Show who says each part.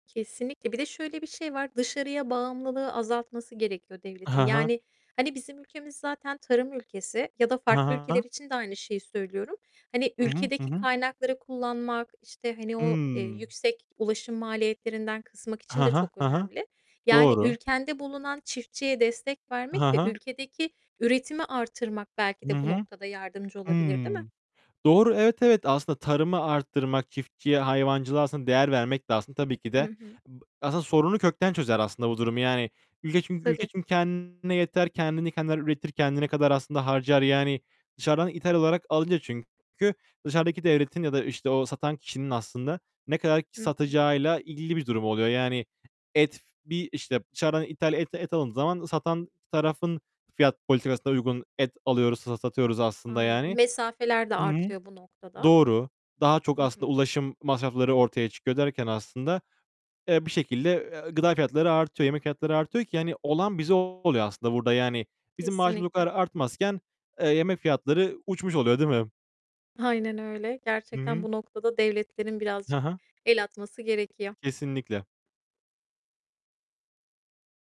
Speaker 1: Kesinlikle. Bir de şöyle bir şey var: Dışarıya bağımlılığı azaltması gerekiyor devletin.
Speaker 2: Ha ha.
Speaker 1: Yani hani bizim ülkemiz zaten tarım ülkesi ya da
Speaker 2: Ha
Speaker 1: farklı
Speaker 2: ha.
Speaker 1: ülkeler için de aynı şeyi söylüyorum. Hani
Speaker 2: Hı hı, hı
Speaker 1: ülkedeki
Speaker 2: hı.
Speaker 1: kaynakları kullanmak işte, hani, o, eee,
Speaker 2: Hımm.
Speaker 1: yüksek ulaşım maliyetlerinden kısmak için
Speaker 2: Ha
Speaker 1: de
Speaker 2: ha,
Speaker 1: çok
Speaker 2: ha ha.
Speaker 1: önemli. Yani
Speaker 2: Doğru.
Speaker 1: ülkende bulunan çiftçiye destek vermek
Speaker 2: Ha
Speaker 1: ve
Speaker 2: ha.
Speaker 1: ülkedeki üretimi artırmak belki
Speaker 2: Hı
Speaker 1: de bu
Speaker 2: hı.
Speaker 1: noktada yardımcı olabilir, değil mi?
Speaker 2: Hımm. Doğru. Evet, evet. Aslında tarımı artırmak, çiftçiye, hayvancılığa, aslında, değer vermek de aslında tabii ki
Speaker 1: Hı
Speaker 2: de
Speaker 1: hı.
Speaker 2: ıb aslında sorunu kökten çözer, aslında, bu durumu. Yani, üle çünkü ülke
Speaker 1: Tabii.
Speaker 2: çünkü kendine yeter, kendini kendiler üretir, kendine kadar aslında harcar. Yani, dışarıdan ithal olarak alınca çünkü dışarıdaki devletin ya da işte o satan kişinin aslında ne kadar
Speaker 1: Hı hı.
Speaker 2: satacağıyla ilgili bir durum oluyor. Yani, et f bir, işte, dışarıdan ithal et et alındığı zaman satan tarafın fiyat politikasına uygun et alıyoruz, sa satıyoruz aslında
Speaker 1: Aynen.
Speaker 2: yani.
Speaker 1: Mesafeler de
Speaker 2: Hı hı.
Speaker 1: artıyor bu noktada.
Speaker 2: Doğru. Daha çok
Speaker 1: Hı
Speaker 2: aslında
Speaker 1: hı.
Speaker 2: ulaşım masrafları ortaya çıkıyor derken aslında, eee, bir şekilde, eee, gıda fiyatları artıyor, yemek fiyatları artıyor ki hani olan bize oluyor aslında burada yani. Bizim maaşımız o kadar
Speaker 1: Kesinlikle.
Speaker 2: artmazken, eee, yemek fiyatları uçmuş oluyor, değil mi?
Speaker 1: Aynen öyle.
Speaker 2: Hı
Speaker 1: Gerçekten
Speaker 2: hı.
Speaker 1: bu noktada devletlerin
Speaker 2: Ha
Speaker 1: birazcık
Speaker 2: ha.
Speaker 1: el atması gerekiyor.
Speaker 2: Kesinlikle.